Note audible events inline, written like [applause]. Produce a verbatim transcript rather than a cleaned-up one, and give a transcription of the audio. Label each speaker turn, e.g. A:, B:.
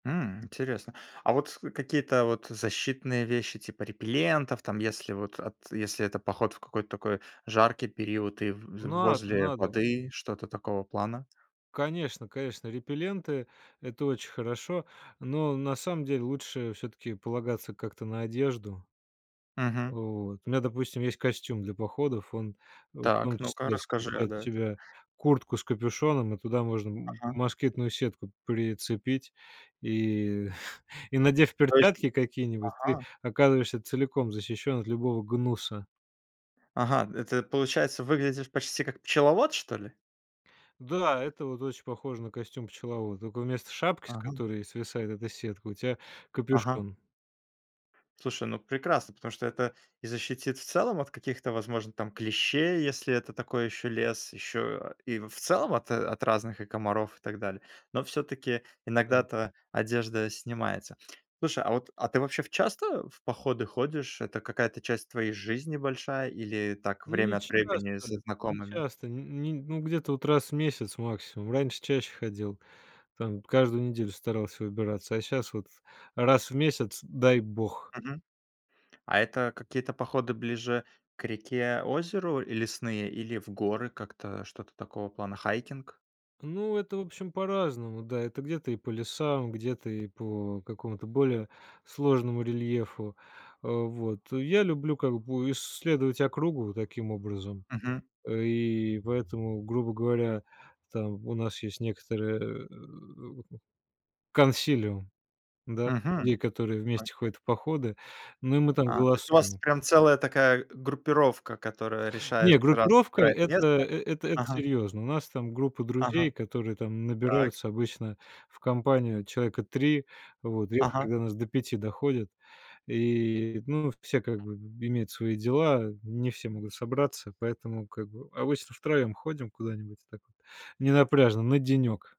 A: М, интересно. А вот с какие-то вот защитные вещи, типа репеллентов, там если вот ат если это поход вот в какой-то такой жаркий период и в вз
B: Надо,
A: возле
B: надо.
A: воды, что-то такого плана?
B: Конечно, конечно, репелленты- это очень хорошо, но на самом деле лучше всё-таки полагаться как-то на одежду.
A: Мгм.
B: Вот. У меня, допустим, есть костюм для походов, он в
A: Так,
B: том
A: ну-ка
B: числе
A: расскажи. А,
B: включает в
A: да, это
B: себя куртку с капюшоном и туда можно м
A: Ага.
B: москитную сетку прицепить и [chuckles] и, надев
A: То есть
B: перчатки какие-нибудь, ты
A: Ага.
B: оказываешься целиком защищен от любого гнуса.
A: Ага, это, получается, выглядишь почти как пчеловод, что ли?
B: Да, это вот очень похоже на костюм пчеловода, тока вместо шапки, с
A: Ага.
B: которой свисает эта сетка, у тя
A: Ага.
B: капюшон.
A: Слушай, ну, прекрасно, потому что это и защитит в целом от каких-то, возможно, там клещей, если это такой еще лес, еще, э, и в целом от от разных и комаров, и так далее, но всё-таки
B: Да.
A: иногда-то одежда снимается. Слушай, а вот, а ты вообще в часто в походы ходишь, это какая-то часть твоей жизни большая или так
B: Ну, не
A: время от времени
B: часто,
A: со
B: не
A: знакомыми?
B: часто. Ни нь ну, где-то вот раз в месяц, максимум. Раньше чаще ходил. Там каждую неделю старался выбираться. А щас вот раз в месяц, дай бог.
A: Мгм. А это какие-то походы ближе к реке, озеру и лесные или в горы? Как-то что-то такого плана, хайкинг?
B: Ну, это в общем по-разному. Да, это где-то и по лесам, где-то и по какому-то более сложному рельефу. Э, вот, я люблю как бы исследовать округу таким образом.
A: Мгм.
B: Э, и поэтому, грубо говоря, там у нас есть некоторые, э, [grunts] консилиум, да,
A: Мгм.
B: людей, которые вместе
A: Окей.
B: ходят в походы. Ну и мы там
A: А, то есть у вас
B: голосуем.
A: прям целая такая группировка, которая решает,
B: Не,
A: раз
B: группировка
A: выбирает
B: это
A: место
B: эт это
A: Ага.
B: серьёзно. У нас там группа
A: Ага.
B: друзей, которые там
A: Так.
B: набираются обычно в компанию человека три, вот, редко,
A: Ага.
B: когда нас до пяти доходит, и, ну, все как бы б имеют свои дела, не все могут собраться, поэтому как бы обычно втроем ходим куда-нибудь, так вот ненапряжно, на денек.